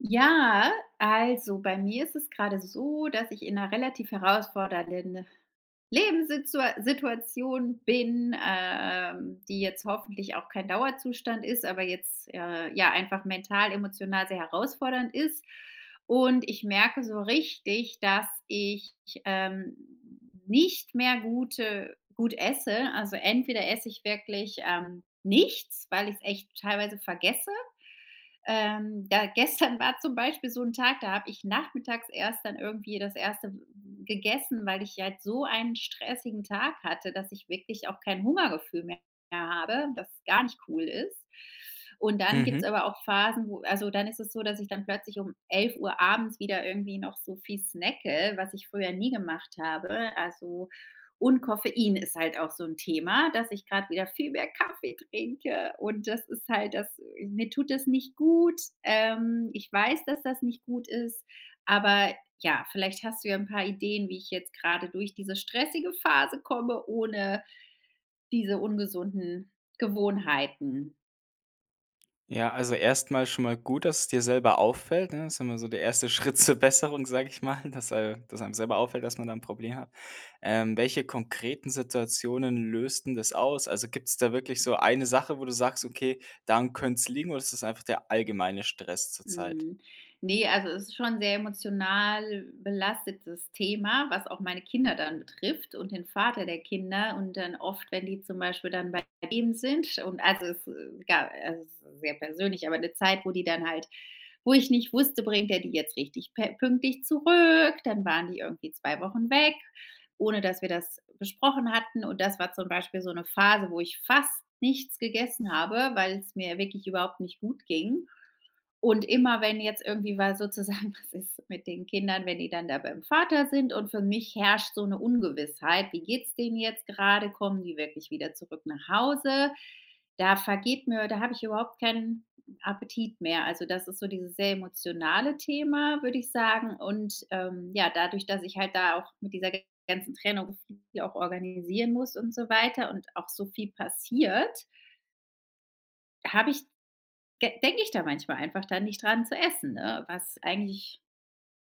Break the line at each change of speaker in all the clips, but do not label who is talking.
Ja, also, bei mir ist es gerade so, dass ich in 'ner relativ herausfordernden Lebenssitzua Situation bin, äh, ähm, die jetzt hoffentlich auch kein Dauerzustand ist, aber jetzt, äh, ja, einfach mental emotional sehr herausfordernd ist. Und ich merke so richtig, dass ich, ähm, nicht mehr gute gut esse. Also, entweder esse ich wirklich, ähm, nichts, weil ich's echt teilweise vergesse. Ähm, da gestern war zum Beispiel so 'n Tag, da habe ich nachmittags erst dann irgendwie das erste w w gegessen, weil ich halt so einen stressigen Tag hatte, dass ich wirklich auch kein Hungergefühl mehr habe das gar nicht cool ist. Und dann gibt's
Mhm.
aber auch Phasen, wo also dann ist es so, dass ich dann plötzlich um 11:00 abends wieder irgendwie noch so viel snacke, was ich früher nie gemacht habe. Also und Koffein ist halt auch so 'n Thema, dass ich grad wieder viel mehr Kaffee trinke. Und das ist halt das mir tut das nicht gut. Ähm, ich weiß, dass das nicht gut ist, aber, ja, vielleicht hast du ja 'n paar Ideen, wie ich jetzt gerade durch diese stressige Phase komme ohne diese ungesunden Gewohnheiten.
Ja, also erst mal schon mal gut, dass es dir selber auffällt, ne? Ist immer so der 1. Schritt zur Besserung, sage ich mal, dass, äh dass einem selber auffällt, dass man da 'n Problem hat. Ähm, welche konkreten Situationen löst'n das aus? Also gibt da wirklich so eine Sache, wo du sagst: „Okay, daran könnt's liegen? Oder ist das einfach der allgemeine Stress zurzeit?“
Mhm. Ne, also es ist schon 'n sehr emotional belastetes Thema, was auch meine Kinder dann betrifft und den Vater der Kinder. Und dann oft, wenn die zum Beispiel dann bei ihm sind und also es, äh, egal es ist sehr persönlich. Aber 'ne Zeit, wo die dann halt wo ich nicht wusste, bringt er die jetzt richtig pe pünktlich zurück? Dann waren die irgendwie 2 Wochen weg, ohne dass wir das besprochen hatten. Und das war zum Beispiel so 'ne Phase, wo ich fast nichts gegessen habe, weil's mir wirklich überhaupt nicht gut ging. Und immer, wenn jetzt irgendwie weil sozusagen was ist mit den Kindern, wenn die dann da beim Vater sind und für mich herrscht so 'ne Ungewissheit: „Wie geht's den jetzt gerade? Kommen die wirklich wieder zurück nach Hause?“ Da vergeht mir da habe ich überhaupt keinen Appetit mehr. Also das ist so dieses sehr emotionale Thema, würde ich sagen. Und, ähm, ja, dadurch, dass ich halt da auch mit dieser ganzen Trennung viel auch organisieren muss und so weiter und auch so viel passiert habe ich de denke ich da manchmal einfach da nicht dran zu essen, äh, was eigentlich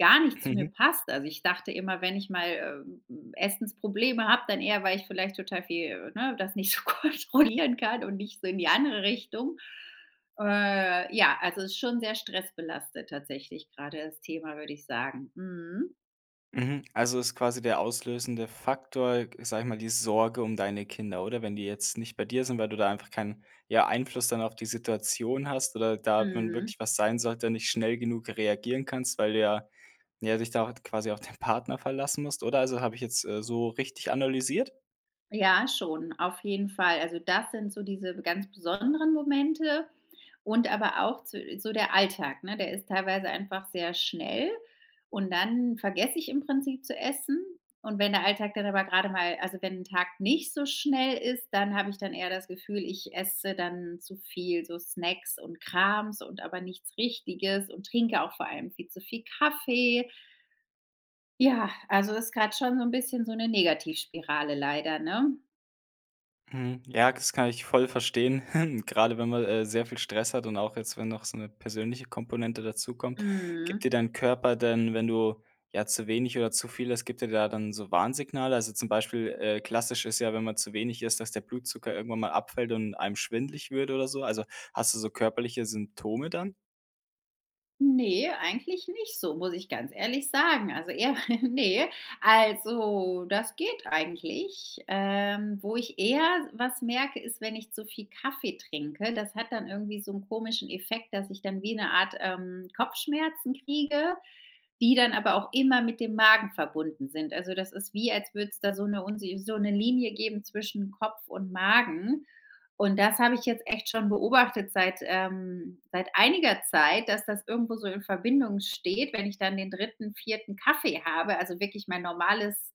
gar nicht zu mir
Mhm.
passt. Also ich dachte immer, wenn ich mal, ähm, Essensprobleme habe, dann eher weil ich vielleicht total viel, ne das nicht so kontrollieren kann und nicht so in die andere Richtung. Äh, ja, also ist schon sehr stressbelastet, tatsächlich, gerade das Thema, würde ich sagen, mhm.
Mhm, also ist quasi der auslösende Faktor, g sage ich mal, die Sorge um deine Kinder, oder? Wenn die jetzt nicht bei dir sind, weil du da einfach keinen, ja, Einfluss dann auf die Situation hast oder da, wenn
Mhm.
wirklich was sein sollte und nicht schnell genug reagieren kannst, weil du ja, na ja, dich da halt quasi auf dein Partner verlassen musst, oder? Also, habe ich jetzt, äh, so, richtig analysiert?
Ja, schon, auf jeden Fall. Also das sind so diese be ganz besonderen Momente und aber auch zu so der Alltag, ne? Der ist teilweise einfach sehr schnell und dann vergesse ich im Prinzip zu essen. Und wenn der Alltag dann aber gerade mal also wenn 'n Tag nicht so schnell ist, dann habe ich dann eher das Gefühl, ich esse dann zu viel, so, Snacks und Krams und aber nichts Richtiges und trinke auch vor allem viel zu viel Kaffee. Ja, also ist grad schon so 'n bisschen so 'ne Negativspirale leider, ne?
Mhm. Ja, das kann ich voll verstehen. Gerade wenn man, äh, sehr viel Stress hat und auch jetzt, wenn noch so 'ne persönliche Komponente dazukommt. Gibt
Mhm.
dir dein Körper denn, wenn du, ja, zu wenig oder zu viel isst gibt dir da dann so Warnsignale? Also zum Beispiel, äh, klassisch ist ja, wenn man zu wenig ist, dass der Blutzucker irgendwann mal abfällt und einem schwindlig wird oder so. Also, hast du so körperliche Symptome dann?
Ne, eigentlich nicht so, muss ich ganz ehrlich sagen. Also eher ne. Also das geht eigentlich. Ähm, wo ich eher s was merke ist, wenn ich zu viel Kaffee trinke. Das hat dann irgendwie so 'n komischen Effekt, dass ich dann wie eine Art, ähm, Kopfschmerzen kriege, die dann aber auch immer mit dem Magen verbunden sind. Also, das ist wie, als würde es da so 'ne unsi so 'ne Linie geben zwischen Kopf und Magen. Und das habe ich jetzt echt schon beobachtet seit ähm, seit einiger Zeit, dass das irgendwo so in Verbindung steht. Wenn ich dann den 3., 4. Kaffee habe, also wirklich mein normales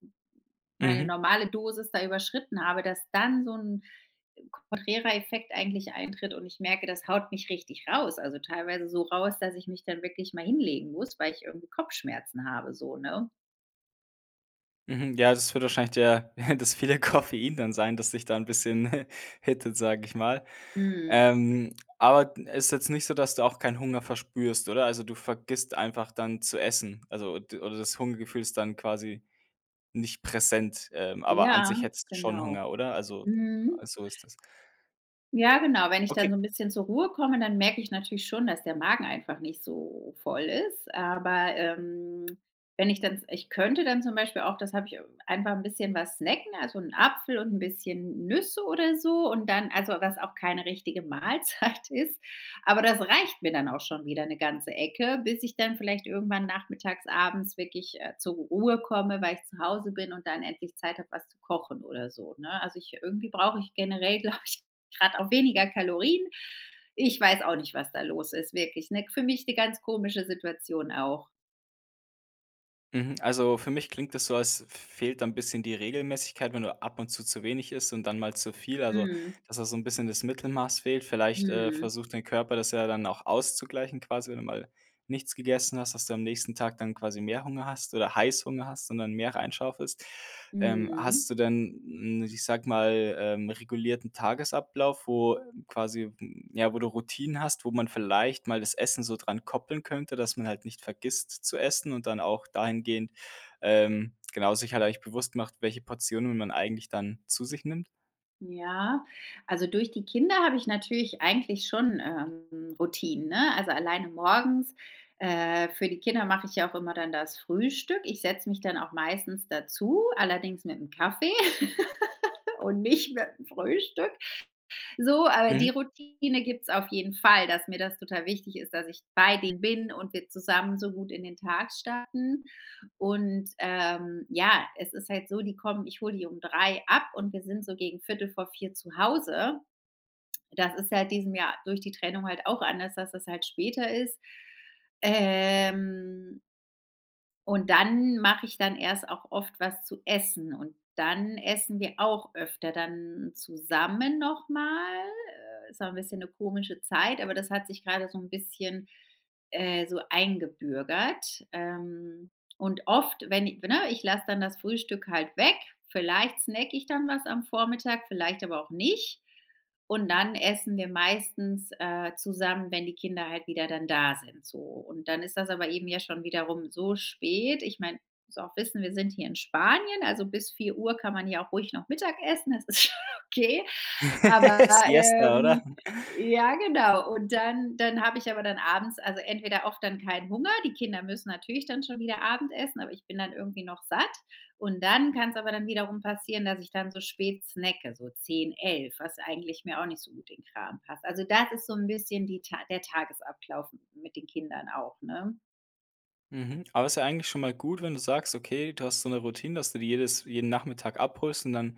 meine
Mhm.
normale Dosis da überschritten habe, dass dann so 'n konträrer Effekt eigentlich eintritt und ich merke, das haut mich richtig raus. Also teilweise so raus, dass ich mich dann wirklich mal hinlegen muss, weil ich irgendwie Kopfschmerzen habe so, ne?
Mhm. Ja, das wird wahrscheinlich der, ja das viele Koffein dann sein, dass ich da 'n bisschen hittet, sage ich mal.
Mhm.
Ähm, aber d ist jetzt nicht so, dass du auch keinen Hunger verspürst, oder? Also du vergisst einfach dann zu essen, also d oder das Hungergefühl ist dann quasi nicht präsent, ähm, aber an
Ja,
sich hättest du schon
genau.
Hunger, oder? Also
Mhm.
so ist das.
Ja, genau, wenn ich dann
Okay.
so 'n bisschen zur Ruhe komme, dann merke ich natürlich schon, dass der Magen einfach nicht so voll ist. Aber, ähm, wenn ich dann s ich könnte dann zum Beispiel auch das habe ich einfach 'n bisschen was snacken, also 'n Apfel und 'n bisschen Nüsse oder so und dann also was auch keine richtige Mahlzeit ist. Aber das reicht mir dann auch schon wieder 'ne ganze Ecke, bis ich dann vielleicht irgendwann nachmittags abends wirklich, äh, zur Ruhe komme, weil ich zu Hause bin und dann endlich Zeit habe, was zu kochen oder so, ne? Also ich irgendwie brauche ich generell, glaube ich, gerade auch weniger Kalorien. Ich weiß auch nicht, was da los ist, wirklich, ne? K für mich die ganz komische Situation auch.
Mhm. Also für mich klingt das so, als f fehlt dann 'n bisschen die Regelmäßigkeit. Wenn du ab und zu zu wenig isst und dann mal zu viel, also
Mhm.
dass da so 'n bisschen das Mittelmaß fehlt. Vielleicht, äh,
Mhm.
versucht dein Körper das ja dann auch auszugleichen, quasi, wenn du mal nichts gegessen hast, dass du am nächsten Tag dann quasi mehr Hunger hast oder Heißhunger hast und dann mehr rein schaufelst. Ähm, hast
Mhm.
du denn, n ich sage mal, ähm, regulierten Tagesablauf, wo quasi ja, wo du Routinen hast, wo man vielleicht mal das Essen so dran koppeln könnte, dass man halt nicht vergisst zu essen und dann auch dahingehend, ähm, genau, sich hat eigentlich bewusst gemacht, welche Portionen man eigentlich dann zu sich nimmt?
Ja, also durch die Kinder habe ich natürlich eigentlich schon, ähm, Routinen, ne, also alleine morgens. Äh, für die Kinder mache ich ja auch immer dann das Frühstück. Ich setze mich dann auch meistens dazu, allerdings mit 'nem Kaffee und nicht mit 'nem Frühstück. So, aber die
Mhm.
Routine gibt's auf jeden Fall, dass mir das total wichtig ist, dass ich bei denen bin und wir zusammen so gut in den Tag starten. Und, ähm, ja, es ist halt so, die kommen ich hole die um 3:00 ab und wir sind so gegen 15:45 zu Hause. Das ist seit diesem Jahr durch die Trennung halt auch anders, dass das halt später ist. Ähm Und dann mache ich dann erst auch oft was zu essen. Und dann essen wir auch öfter dann zusammen noch mal. Äh, ist auch ein bisschen 'ne komische Zeit, aber das hat sich gerade so 'n bisschen, äh, so, eingebürgert. Ähm, und oft, wenn i we ne, ich lasse dann das Frühstück halt weg. Vielleicht snacke ich dann was am Vormittag, vielleicht aber auch nicht. Und dann essen wir meistens, äh, zusammen, wenn die Kinder halt wieder dann da sind, so. Und dann ist das aber eben ja schon wiederum so spät. Ich meine musst du auch wissen, wir sind hier in Spanien, also bis 4:00 kann man hier auch ruhig noch Mittagessen, das ist schon okay. Aber,
Siesta, oder?
ähm, ja genau und dann dann habe ich aber dann abends, also entweder oft dann keinen Hunger die Kinder müssen natürlich dann schon wieder Abendessen, aber ich bin dann irgendwie noch satt. Und dann kann's aber dann wiederum passieren, dass ich dann so spät snacke, so 10:00, 11:00, was eigentlich mir auch nicht so gut in Kram passt. Also das ist so 'n bisschen die Ta der Tagesablauf m mit den Kindern auch, ne?
Mhm. Aber ist ja eigentlich schon mal gut, wenn du sagst: Okay, du hast so 'ne Routine, dass du die jedes jeden Nachmittag abholst und dann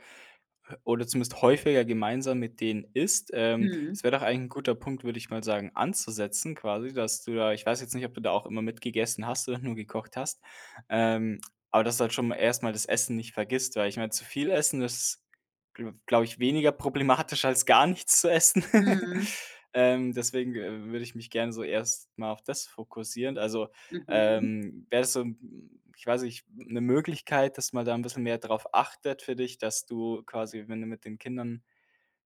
oder zumindest häufiger gemeinsam mit denen isst. Ähm,
Mhm.
das wär doch ein guter Punkt, würde ich mal sagen, anzusetzen, quasi, dass du da ich weiß jetzt nicht, ob du da auch immer mitgegessen hast oder nur gekocht hast. Ähm, aber dass du halt schon mal erst mal das Essen nicht vergisst, weil ich meine, zu viel Essen das [unintelligible] glaube ich, weniger problematisch als gar nichts zu essen.
Mhm.
Ähm, deswegen, äh, würde ich mich gerne so erst mal auf das fokussieren. Also,
Mhm.
ähm, wäre das so 'n ich weiß nicht, 'n 'ne Möglichkeit, dass man da 'n bisschen mehr darauf achtet für dich, dass du quasi, wenn du mit den Kindern,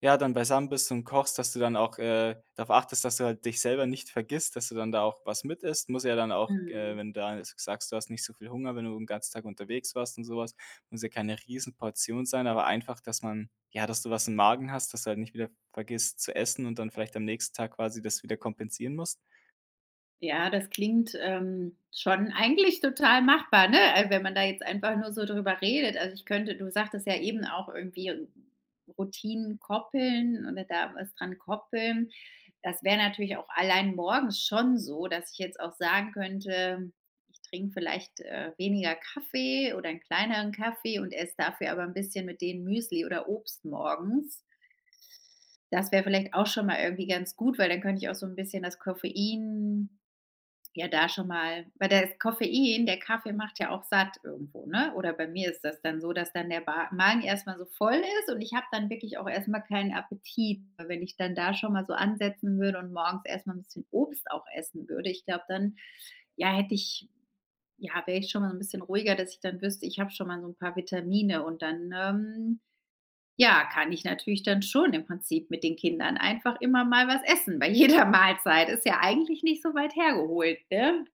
ja, dann beisammen bist und kochst, dass du dann auch, äh, darauf achtest, dass du halt dich selber nicht vergisst, dass du dann da auch was mit isst. Muss ja dann auch g äh,
Mhm.
wenn du da s g sagst, du hast nicht so viel Hunger, wenn du 'n ganzen Tag unterwegs warst und so was, muss ja keine Riesenportion sein. Aber einfach, dass man ja, dass du was im Magen hast, dass du halt nicht wieder v vergisst zu essen und dann vielleicht am nächsten Tag quasi das wieder kompensieren musst?
Ja, das klingt, ähm, schon eigentlich total machbar, ne? Äh, wenn man da jetzt einfach nur so drüber redet. Also ich könnte du sagtest ja eben auch irgendwie Routinen koppeln oder da was dran koppeln. Das wäre natürlich auch allein morgens schon so, dass ich jetzt auch sagen könnte: „Ich trinke vielleicht, äh, weniger Kaffee oder 'n kleineren Kaffee und esse dafür aber 'n bisschen mit denen Müsli oder Obst morgens.“ Das wäre vielleicht auch schon mal irgendwie ganz gut, weil dann könnte ich auch so 'n bisschen das Koffein ja da schon mal weil das Koffein der Kaffee macht ja auch satt irgendwo, ne? Oder bei mir ist das dann so, dass dann der Ba Magen erst mal so voll ist und ich habe dann wirklich auch erst mal keinen Appetit. Weil wenn ich dann da schon mal so ansetzen würde und morgens erst mal 'n bisschen Obst auch essen würde, ich glaube dann, ja, hätte ich ja, wäre ich schon mal so 'n bisschen ruhiger, dass ich dann wüsste: „Ich habe schon mal so 'n paar Vitamine.“ Und dann, ähm, ja, kann ich natürlich dann schon im Prinzip mit den Kindern einfach immer mal was essen bei jeder Mahlzeit. Ist ja eigentlich nicht so weit hergeholt, ne?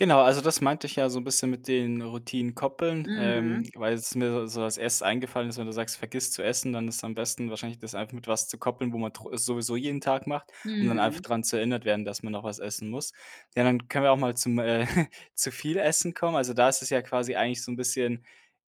Genau, also das meinte ich ja so 'n bisschen mit den Routinen koppeln. Ähm,
Mhm.
weil was mir so als Erstes eingefallen ist: Wenn du sagst, du vergisst zu essen, dann ist am besten wahrscheinlich das einfach mit was zu koppeln, wo man tro es sowieso jeden Tag macht, um dann einfach
Mhm.
dran zu erinnert werden, dass man noch was essen muss. Ja, dann können wir auch mal zum äh, zu viel Essen kommen. Also, da ist es ja quasi eigentlich so 'n bisschen,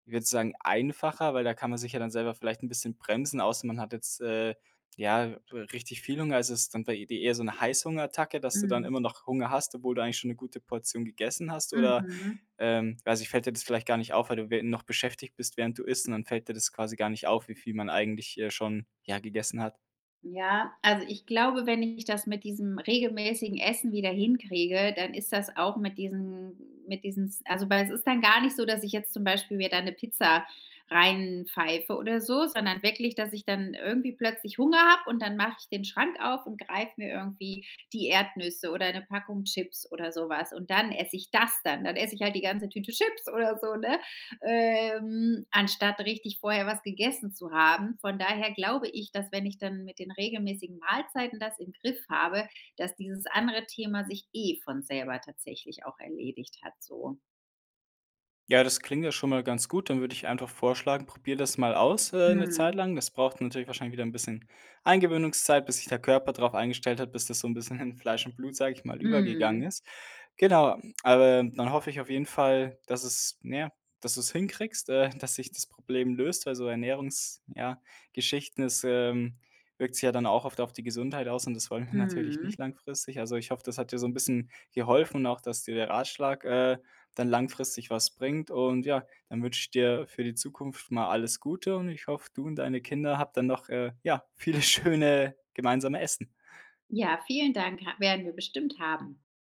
ich würde sagen, einfacher, weil da kann man sich ja dann selber vielleicht 'n bisschen bremsen. Außer man hat jetzt, äh, ja, w richtig viel Hunger. Also, ist dann bei dir eher so 'ne Heißhungerattacke, dass du dann
Mhm.
immer noch Hunger hast, obwohl du eigentlich schon 'ne gute Portion gegessen hast, oder,
Mhm.
ähm also fällt dir das vielleicht gar nicht auf, weil du wä noch beschäftigt bist, während du isst und dann fällt dir das quasi gar nicht auf, wie viel man eigentlich, äh, schon, ja, gegessen hat.
Ja, also ich glaube, wenn ich das mit diesem regelmäßigen Essen wieder hinkriege, dann ist das auch mit diesem mit diesen s also weil es ist dann gar nicht so, dass ich jetzt zum Beispiel mir da 'ne Pizza rein pfeife oder so, sondern wirklich, dass ich dann irgendwie plötzlich Hunger habe und dann mach ich den Schrank auf und greife mir irgendwie die Erdnüsse oder 'ne Packung Chips oder so was. Und dann esse ich das dann. Dann esse ich halt die ganze Tüte Chips oder so, ne, ähm, anstatt richtig vorher was gegessen zu haben. Von daher glaube ich, dass wenn ich dann mit den regelmäßigen Mahlzeiten das im Griff habe, dass dieses andere Thema sich eh von selber tatsächlich auch erledigt hat so.
Ja, das klingt ja schon mal ganz gut, dann würde ich einfach vorschlagen, probier das mal aus, äh, 'ne Zeit
Mhm.
lang. Das braucht dann natürlich wahrscheinlich wieder 'n bisschen Eingewöhnungszeit, bis sich der Körper drauf eingestellt hat, bis das so 'n bisschen in Fleisch und Blut, sage ich mal, übergegangen
Mhm.
ist. Genau, aber dann hoffe ich auf jeden Fall, dass es, na ja dass du es hinkriegst, äh, dass sich das Problem löst, also Ernährungs ja, Geschichten. Es, ähm, wirkt sich ja dann auch oft auf die Gesundheit aus und das wollen wir natürlich
Mhm.
nicht langfristig. Also, ich hoffe, das hat dir so 'n bisschen geholfen und auch, dass dir der Ratschlag, äh, dann langfristig was bringt. Und ja, dann wünsche ich dir für die Zukunft mal alles Gute und ich hoffe, du und deine Kinder, habt dann noch, äh, ja, viele schöne gemeinsame Essen.
Ja, vielen Dank. Ha werden wir bestimmt haben.